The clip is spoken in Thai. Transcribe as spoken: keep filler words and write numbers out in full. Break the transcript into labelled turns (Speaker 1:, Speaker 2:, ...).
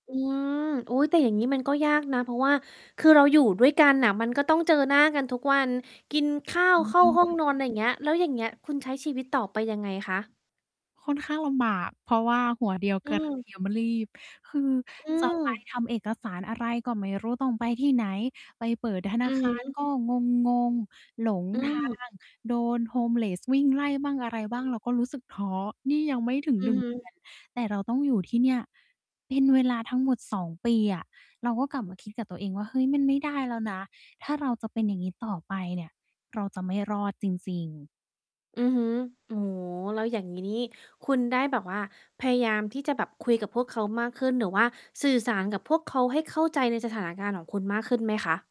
Speaker 1: อืม อุ๊ย แต่อย่างงี้มันก็ยากนะ เพราะว่า คือเราอยู่ด้วยกันน่ะ มันก็ต้องเจอหน้ากันทุกวัน กินข้า
Speaker 2: ห
Speaker 1: ว
Speaker 2: นู
Speaker 1: เข้
Speaker 2: เ
Speaker 1: า
Speaker 2: อง
Speaker 1: ห้อ
Speaker 2: ค
Speaker 1: ง
Speaker 2: ่ะ
Speaker 1: นอน อะไรอย่างเงี้ย แล้วอย่างเงี้ยคุณใช้ชีวิตต่อไปยังไงคะ?
Speaker 2: ค่อนข้างลำบาก เพราะว่าหัวเดียว
Speaker 1: อื
Speaker 2: กระเ
Speaker 1: ม
Speaker 2: ทียม ลีบ คือ
Speaker 1: อื
Speaker 2: จะไป
Speaker 1: ม
Speaker 2: ทำเอกสารอะไร ก็ไม่รู้ต้องไปที่ไหน ไปเปิดธน
Speaker 1: อื
Speaker 2: า
Speaker 1: อ
Speaker 2: ค
Speaker 1: ฮ
Speaker 2: าร
Speaker 1: ึ
Speaker 2: ก็งง ๆ หลง
Speaker 1: อื
Speaker 2: ทา
Speaker 1: ม
Speaker 2: ง โดน homeless วิ่งไล่บ้างอะไรบ้าง เราก็รู้สึกท้อ นี่ยังไม่ถึง
Speaker 1: อื
Speaker 2: หน
Speaker 1: อ
Speaker 2: ึ่ง
Speaker 1: ฮึ
Speaker 2: เดือน แต่เราต้องอยู่ที่เนี่ยเป็นเวลาทั้งหมด สอง ปีอะ เราก็กลับมาคิดกับตัวเองว่า เฮ้ย มันไม่ได้แล้วนะ ถ้าเราจะเป็นอย่างงี้ต่อไปเนี่ย เราจะไม่รอดจริง ๆ
Speaker 1: อือฮึ โอ้โฮ แล้วอย่างงี้นี่คุณได้แบบว่า พยายามที่จะแบบคุยกับพวกเขามากขึ้น หรือว่าสื่อสารกับพวกเขาให้เข้าใจในสถานการณ์ของคุณมากขึ้นไหมคะ?